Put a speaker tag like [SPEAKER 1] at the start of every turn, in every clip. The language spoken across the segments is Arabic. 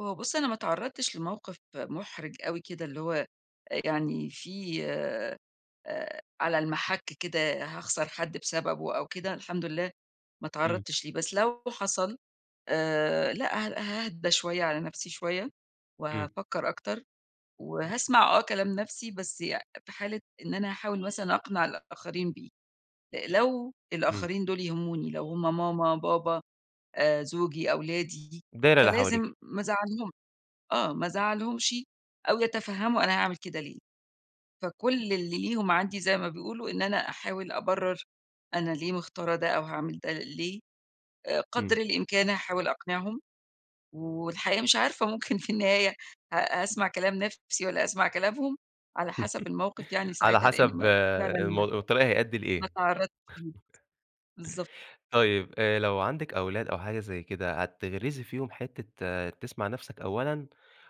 [SPEAKER 1] هو بُصّ، أنا ما اتعرّضتش لموقف محرج أوي كده، اللي هو آآ، يعني في آآ، على المَحَكّ كده، هاخسر حد بسببُه أو كده، الحمد لله ما
[SPEAKER 2] إمم.
[SPEAKER 1] اتعرّضتش ليه، بس لو حصل آآ، لأ ها هاهدى شوية على نَفْسي شوية
[SPEAKER 2] إمم.
[SPEAKER 1] وهافكّر أكتر وهاسمع آه كلام نَفْسي، بس يع في حالة إن أنا هاحاول مثلًا أقنع الآخرين بيه أ لو
[SPEAKER 2] إمم.
[SPEAKER 1] الآخرين دوُل يهموني، لو هم ماما، بابا، آآ، زوجي، أولادي،
[SPEAKER 2] الدايرة اللي حواليكِ.
[SPEAKER 1] فلازم ما ازعلهُمش، آه ما ازعلهُمش، أو يتفهّموا أنا هاعمل كده ليه، فكل اللي ليهم عندي زي ما بيقولوا إن أنا أحاول أبرّر أنا ليه مختارة ده أو هاعمل ده ليه، آآ، قدر
[SPEAKER 2] إمم.
[SPEAKER 1] الإمكان، هاحاول أقنعهم والحقيقة مش عارفة ممكن في النهاية ه هاسمع كلام نَفْسي والّا هاسمع كلامهم، على حَسَب الموقف يعني
[SPEAKER 2] على
[SPEAKER 1] ساعتها لإن
[SPEAKER 2] حسب
[SPEAKER 1] ما ف فعلًا
[SPEAKER 2] الموض والطريق هيأدّي
[SPEAKER 1] ما
[SPEAKER 2] لإيه
[SPEAKER 1] اتعرّضت [unintelligible] بالضبط.
[SPEAKER 2] طيب، آآ، لو عندِك أولاد أو حاجة زي كده، هتغرزي فيهم حتة تسمع نَفْسك أولًا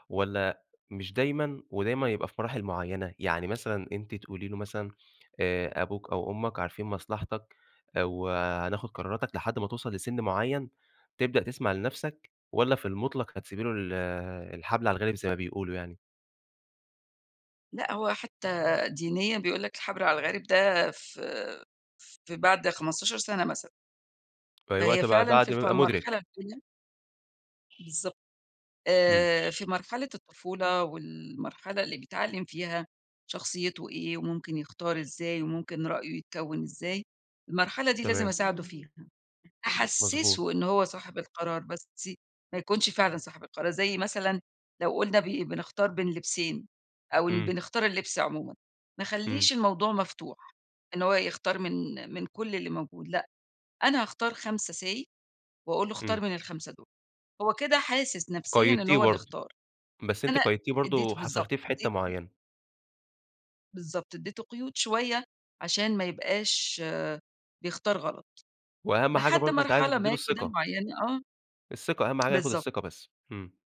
[SPEAKER 2] والَّا مش دايمًا؟ ودايمًا يبقى في مراحل معيّنة. يعني مثلًا أنتِ تقولي لُه مثلًا آآ، أبوك أو أمك عارفين مصلحتك آآ، وهناخد قراراتك لحد ما توصل لسِن معيّن، تبدأ تسمع لنَفْسك والَّا في المطلق هتسيبي له ال الحبل على الغارِب زي ما بيقولوا يعني؟
[SPEAKER 1] لأ، هو حتى دينيًا بيقول لك الحبل على الغارِب ده في في بعد 15 سَنة مثلًا.
[SPEAKER 2] [unintelligible]
[SPEAKER 1] فهي
[SPEAKER 2] الوقت بقى
[SPEAKER 1] فعلًا في
[SPEAKER 2] بعد ما
[SPEAKER 1] في
[SPEAKER 2] يبقى
[SPEAKER 1] المرحلة
[SPEAKER 2] مُدرك.
[SPEAKER 1] التانية بالضبط،
[SPEAKER 2] إمم.
[SPEAKER 1] آآ، في مرحلة الطفولة والمرحلة اللي بيتعلم فيها شخصيتُه إيه، وممكن يختار إزاي، وممكن رأيُه يتكوّن إزاي، المرحلة دي لازم
[SPEAKER 2] تمام.
[SPEAKER 1] أساعدُه فيها،
[SPEAKER 2] مضبوط.
[SPEAKER 1] أحسِّسُه إنه هو صاحب القرار، بس ي ما يكونش فعلًا صاحب القرار زي مثلًا لو قُلنا بي بنختار بين لبسين، أو إن
[SPEAKER 2] إمم.
[SPEAKER 1] بنختار اللِبس عمومًا ما
[SPEAKER 2] إمم.
[SPEAKER 1] اخليش الموضوع مفتوح، إنه هو يختار من من كل اللي موجود، لأ، أنا هاختار 5 say واقول لُه اختار
[SPEAKER 2] إمم.
[SPEAKER 1] من ال5 دوُل، هو كده حاسس نَفْسيًا إنه
[SPEAKER 2] قيّدتيه
[SPEAKER 1] هو اللي
[SPEAKER 2] برضه،
[SPEAKER 1] اختار،
[SPEAKER 2] بس أنتِ
[SPEAKER 1] أنا
[SPEAKER 2] قيّدتيه برضه
[SPEAKER 1] ادّيته بالضبط
[SPEAKER 2] وحصرتيه في حتة
[SPEAKER 1] ادّيته
[SPEAKER 2] معيّنة.
[SPEAKER 1] بالضبط، ادّيته قيود شوية، عشان ما يبقاش بيختار غلط،
[SPEAKER 2] وأهَم حاجة
[SPEAKER 1] لحد
[SPEAKER 2] برضه أنتِ عايزة
[SPEAKER 1] مرحلة
[SPEAKER 2] تدّي له
[SPEAKER 1] ما كده
[SPEAKER 2] الثقة.
[SPEAKER 1] معيّنة، آه.
[SPEAKER 2] الثقة أهَم حاجة ياخد
[SPEAKER 1] بالضبط.
[SPEAKER 2] الثقة بس، إمم.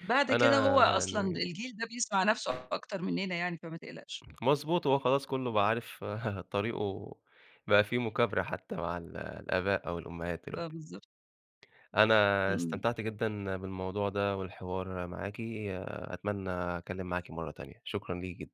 [SPEAKER 1] بعد كده
[SPEAKER 2] أنا
[SPEAKER 1] هو أصلًا
[SPEAKER 2] يعني
[SPEAKER 1] الجيل ده بيسمع نَفْسُه أكتر منّنا يعني، فما تقلقش.
[SPEAKER 2] مضبوط، هو خلاص كلّه بقى عارف طريقُه، بقى في مُكابرة حتى مع ال الآباء أو الأمهات
[SPEAKER 1] آه،
[SPEAKER 2] دلوقتي.
[SPEAKER 1] بالضبط.
[SPEAKER 2] أنا
[SPEAKER 1] إمم.
[SPEAKER 2] استمتعت جدًا بالموضوع ده، والحوار معاكِ، أتمنى أتكلم معاكِ مرّة تانية، شكرًا ليكِ جدًا.